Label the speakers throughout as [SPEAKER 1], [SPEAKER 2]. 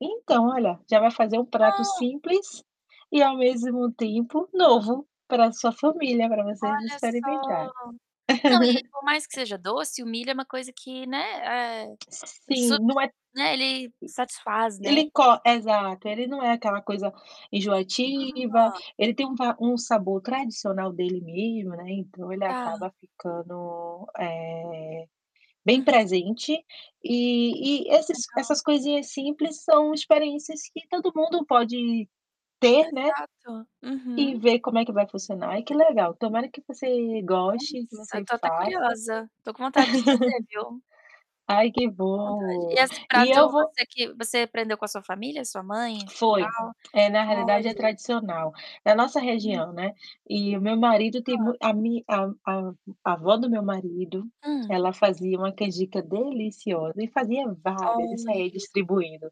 [SPEAKER 1] Então, olha, já vai fazer um prato
[SPEAKER 2] Ou
[SPEAKER 1] simples e ao mesmo tempo novo pra sua família, pra vocês
[SPEAKER 2] Olha
[SPEAKER 1] experimentar.
[SPEAKER 2] só não, e por mais que seja doce, o milho é uma coisa que, né, eh, su
[SPEAKER 1] Sim, não é
[SPEAKER 2] né, ele satisfaz, né.
[SPEAKER 1] ele co exato, ele não é aquela coisa enjoativa,
[SPEAKER 2] Ah.
[SPEAKER 1] ele tem um va um sabor tradicional dele mesmo, né, então ele
[SPEAKER 2] Tá.
[SPEAKER 1] acaba ficando, eh, bem
[SPEAKER 2] Uhum.
[SPEAKER 1] presente e esses
[SPEAKER 2] Legal.
[SPEAKER 1] essas coisinhas simples são experiências que todo mundo pode ter, né,
[SPEAKER 2] Exato.
[SPEAKER 1] e
[SPEAKER 2] Uhum.
[SPEAKER 1] ver como é que vai funcionar. Ai, que legal! Tomara que você goste, que
[SPEAKER 2] Nossa, eu
[SPEAKER 1] você
[SPEAKER 2] tô até
[SPEAKER 1] faça
[SPEAKER 2] curiosa. Tô com vontade de fazer, viu?
[SPEAKER 1] Ai, que
[SPEAKER 2] Tô com vontade. E
[SPEAKER 1] bom!
[SPEAKER 2] esse
[SPEAKER 1] E
[SPEAKER 2] prato,
[SPEAKER 1] eu vou
[SPEAKER 2] você que você aprendeu com a sua família, sua mãe, e tal?
[SPEAKER 1] Foi. É, na realidade, é
[SPEAKER 2] Olha!
[SPEAKER 1] tradicional. Na nossa
[SPEAKER 2] Hum.
[SPEAKER 1] região, né, e o meu marido tem
[SPEAKER 2] Ó.
[SPEAKER 1] mui a mi a a a avó do meu marido,
[SPEAKER 2] Hum.
[SPEAKER 1] ela fazia uma canjica deliciosa e fazia várias e saía
[SPEAKER 2] Olha.
[SPEAKER 1] distribuindo.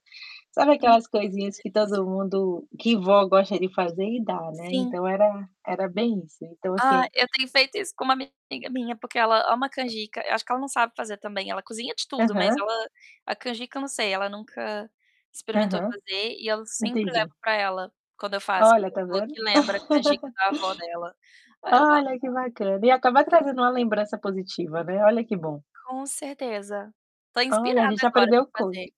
[SPEAKER 1] Sabe,
[SPEAKER 2] Hum, que
[SPEAKER 1] aquelas coisinhas que
[SPEAKER 2] delícia.
[SPEAKER 1] todo mundo que vó gosta de fazer e dar, né,
[SPEAKER 2] Sim.
[SPEAKER 1] então era era bem isso, então
[SPEAKER 2] Ah,
[SPEAKER 1] assim
[SPEAKER 2] eu tenho feito isso com uma amiga minha, porque ela ama canjica. Acho que ela não sabe fazer, também, ela cozinha de tudo, mas
[SPEAKER 1] Aham.
[SPEAKER 2] ela, a canjica eu não sei, ela nunca experimentou
[SPEAKER 1] Aham.
[SPEAKER 2] fazer e eu sempre levo
[SPEAKER 1] Entendi.
[SPEAKER 2] pra ela quando eu faço, porque
[SPEAKER 1] Olha,
[SPEAKER 2] ela
[SPEAKER 1] tá
[SPEAKER 2] falou
[SPEAKER 1] vendo?
[SPEAKER 2] que lembra a canjica da avó dela. Aí eu: "Ah,
[SPEAKER 1] Olha, que bacana! E acaba
[SPEAKER 2] não sei o que
[SPEAKER 1] trazendo uma
[SPEAKER 2] fazer".
[SPEAKER 1] lembrança positiva, né. Olha, que bom.
[SPEAKER 2] Com certeza. Tô
[SPEAKER 1] Olha, a
[SPEAKER 2] inspirada
[SPEAKER 1] gente
[SPEAKER 2] agora
[SPEAKER 1] aprendeu
[SPEAKER 2] pra
[SPEAKER 1] coisa
[SPEAKER 2] fazer.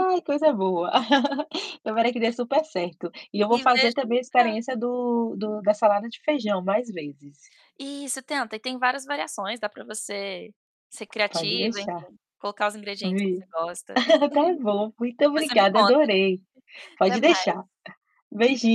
[SPEAKER 1] coisa boa! Tomara que dê super certo. E eu vou fazer, também, a
[SPEAKER 2] [unintelligible]
[SPEAKER 1] experiência do do da salada de feijão mais vezes.
[SPEAKER 2] Isso, tenta, e tem várias variações, dá pra você ser
[SPEAKER 1] Pode
[SPEAKER 2] criativa, enfim,
[SPEAKER 1] deixar
[SPEAKER 2] colocar os ingredientes que você
[SPEAKER 1] Vi
[SPEAKER 2] gosta.
[SPEAKER 1] tá bom. Muito
[SPEAKER 2] Depois você me
[SPEAKER 1] obrigada,
[SPEAKER 2] conta.
[SPEAKER 1] adorei
[SPEAKER 2] Até
[SPEAKER 1] pode
[SPEAKER 2] mais.
[SPEAKER 1] deixar. Beijinho.